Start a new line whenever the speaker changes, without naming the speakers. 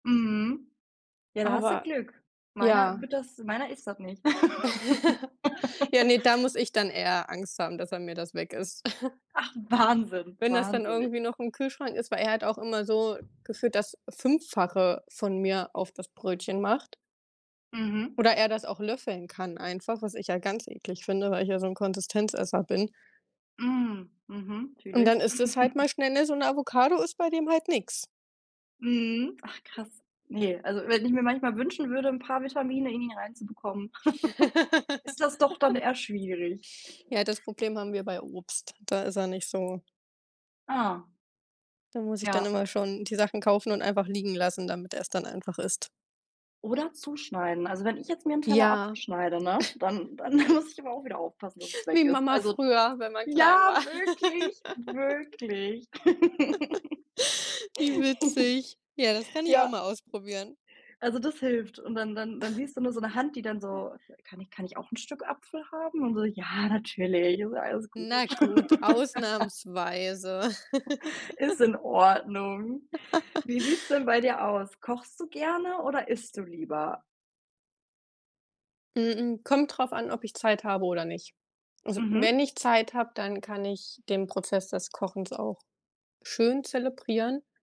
Mhm. Ja, da hast du
Aber
Glück. Meiner
ja.
wird das meiner isst das nicht.
Ja, ne, dann muss ich dann eher Angst haben, dass er mir das weg isst.
Ach, Wahnsinn,
Wenn das dann
wahnsinnig.
irgendwie noch im Kühlschrank ist, weil er hat auch immer so gefühlt das Fünffache von mir auf das Brötchen macht.
Mhm.
Oder er das auch löffeln kann einfach, was ich ja ganz eklig finde, weil ich ja so 'n Konsistenzesser bin.
Hm, mhm,
Und dann
natürlich.
ist es halt mal schnell ne, so 'ne Avocado ist bei dem halt nix.
Mhm. Ach krass. Ne, also, wenn ich mir manchmal wünschen würde, 'n paar Vitamine in ihn reinzubekommen, ist das doch dann eher schwierig.
Ja, das Problem haben wir bei Obst, da ist er nicht so
Ah.
Da muss ich dann
Ja.
immer schon die Sachen kaufen und einfach liegen lassen, damit er's dann einfach isst.
Oder zuschneiden. Also wenn ich jetzt mir 'nen Teller
Ja.
abschneide, ne, dann dann muss ich aber auch wieder aufpassen, dass es weg
Wie
ist.
Mama
Also
früher, wenn man klein
ja,
war.
wirklich wirklich.
Wie witzig. Ja, das kann ich auch
Ja
mal ausprobieren.
also das hilft und dann, dann siehst du nur so 'ne Hand, die dann
[unintelligible]
so kann ich kann ich auch 'n Stück Apfel haben? Und so: „Ja, natürlich, ist alles
Na
gut.“
gut, ausnahmsweise.
Ist in Ordnung. Wie sieht's denn bei dir aus, kochst du gerne oder isst du lieber?
M m kommt drauf an, ob ich Zeit habe oder nicht. Also, wenn
Mhm.
ich Zeit habe, dann kann ich den Prozess des Kochens auch schön zelebrieren.